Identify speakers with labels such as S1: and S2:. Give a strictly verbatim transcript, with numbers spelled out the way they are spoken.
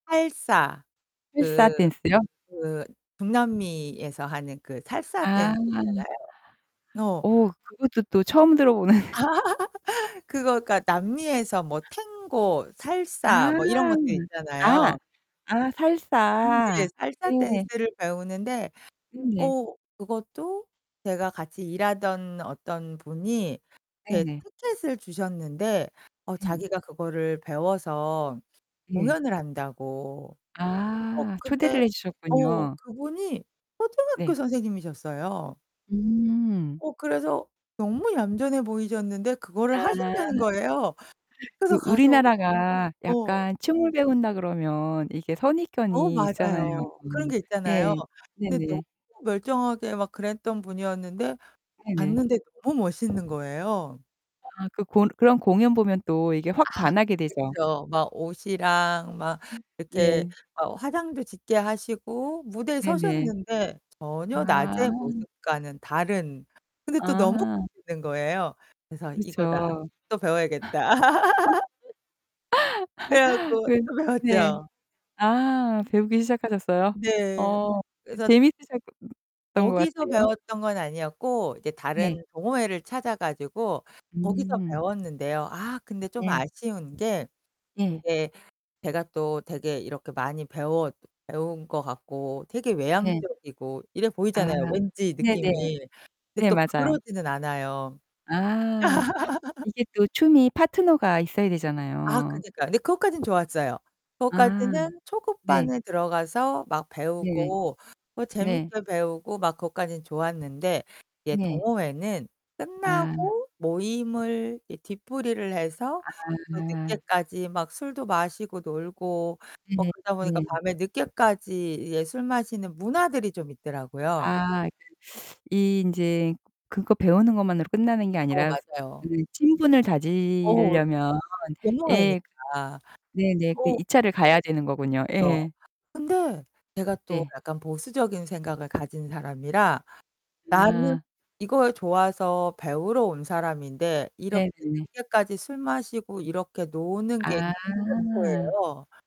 S1: 살사.
S2: 살사
S1: 그
S2: 댄스요?
S1: 그 중남미에서 하는 그 살사
S2: 아.
S1: 댄스 있잖아요. 어.
S2: 오. 그것도 또 처음 들어보는.
S1: 그거 그러니까 남미에서 뭐 탱고, 살사, 뭐 이런 것들
S2: 아. 아.
S1: 있잖아요.
S2: 아
S1: 음 네.
S2: 살사.
S1: 살사
S2: 네.
S1: 댄스를 배우는데
S2: 음 네.
S1: 어 그것도 제가 같이 일하던 어떤 분이 이렇게
S2: 네네.
S1: 티켓을 주셨는데 어
S2: 음.
S1: 자기가 그거를 배워서
S2: 네.
S1: 공연을 한다고. 어
S2: 아.
S1: 근데
S2: 초대를 해
S1: 어
S2: 주셨군요.
S1: 그분이 초등학교
S2: 네
S1: 선생님이셨어요.
S2: 음.
S1: 어 그래서 너무 얌전해 보이셨는데 그거를
S2: 아.
S1: 하신다는 거예요. 그래서
S2: 그
S1: 가서.
S2: 우리나라가
S1: 어.
S2: 약간 춤을 배운다 그러면 이게
S1: 어
S2: 선입견이 있잖아요.
S1: 맞아요. 그런 게 있잖아요.
S2: 네.
S1: 근데 너무
S2: 네네.
S1: 멀쩡하게 막 그랬던 분이었는데
S2: 네네.
S1: 봤는데 너무 멋있는 거예요.
S2: 아 그 고 그런 공연 보면 또 이게
S1: 아
S2: 확 반하게 되죠.
S1: 그쵸. 막 옷이랑 막 이렇게
S2: 네.
S1: 막 화장도 짙게 하시고 무대에
S2: 네네.
S1: 서셨는데 전혀
S2: 아.
S1: 낮의 모습과는 다른. 근데 또 너무
S2: 아.
S1: 멋있는 거예요. 그래서 '이거다.
S2: 그렇죠.
S1: 또 배워야겠다.' 그래 갖고
S2: 그
S1: 또
S2: 네.
S1: 배웠죠.
S2: 아. 배우기 시작하셨어요?
S1: 네.
S2: 어.
S1: 그래서
S2: 재밌으셨던 것
S1: 거기서
S2: 같아요.
S1: 배웠던 건 아니었고 이제 다른
S2: 네.
S1: 동호회를 찾아 가지고 거기서
S2: 음.
S1: 배웠는데요. 아 근데 좀
S2: 네.
S1: 아쉬운 게
S2: 예.
S1: 이제 제가 또 되게 이렇게 많이 배웠 배운 것 같고 되게
S2: 네.
S1: 외향적이고 이래
S2: 아
S1: 보이잖아요, 왠지
S2: 네네.
S1: 느낌이. 근데
S2: 네
S1: 또
S2: 맞아요.
S1: 그러지는 않아요.
S2: 아. 이게 또 춤이 파트너가 있어야
S1: 아
S2: 되잖아요.
S1: 그니까. 근데 그것까진 좋았어요.
S2: 아.
S1: 그것까지는
S2: 네.
S1: 초급반에 들어가서 막
S2: 네.
S1: 배우고 뭐
S2: 네.
S1: 재밌게 배우고 막 그것까진 좋았는데. 이제
S2: 네.
S1: 동호회는
S2: 아.
S1: 끝나고 모임을 이 뒤풀이를 해서 또
S2: 아.
S1: 늦게까지 막 술도 마시고 놀고 뭐
S2: 네.
S1: 그러다 보니까
S2: 네.
S1: 밤에 늦게까지 이제 술 마시는 문화들이 좀 있더라고요.
S2: 아. 그 이 인제 그거 배우는 것만으로 끝나는 게
S1: 어
S2: 아니라
S1: 맞아요.
S2: 그 친분을
S1: 어 네.
S2: 다지려면. 예.
S1: 공허하니까.
S2: 네네. 그
S1: 어.
S2: 이 차를 가야 되는 거군요.
S1: 그쵸.
S2: 예.
S1: 근데 제가 또
S2: 네.
S1: 약간 보수적인 생각을 가진 사람이라 나는
S2: 아.
S1: 이걸 좋아서 배우러 온 사람인데 이렇게
S2: 네네.
S1: 늦게까지 술 마시고 이렇게 노는 게 싫은
S2: 아.
S1: 거예요.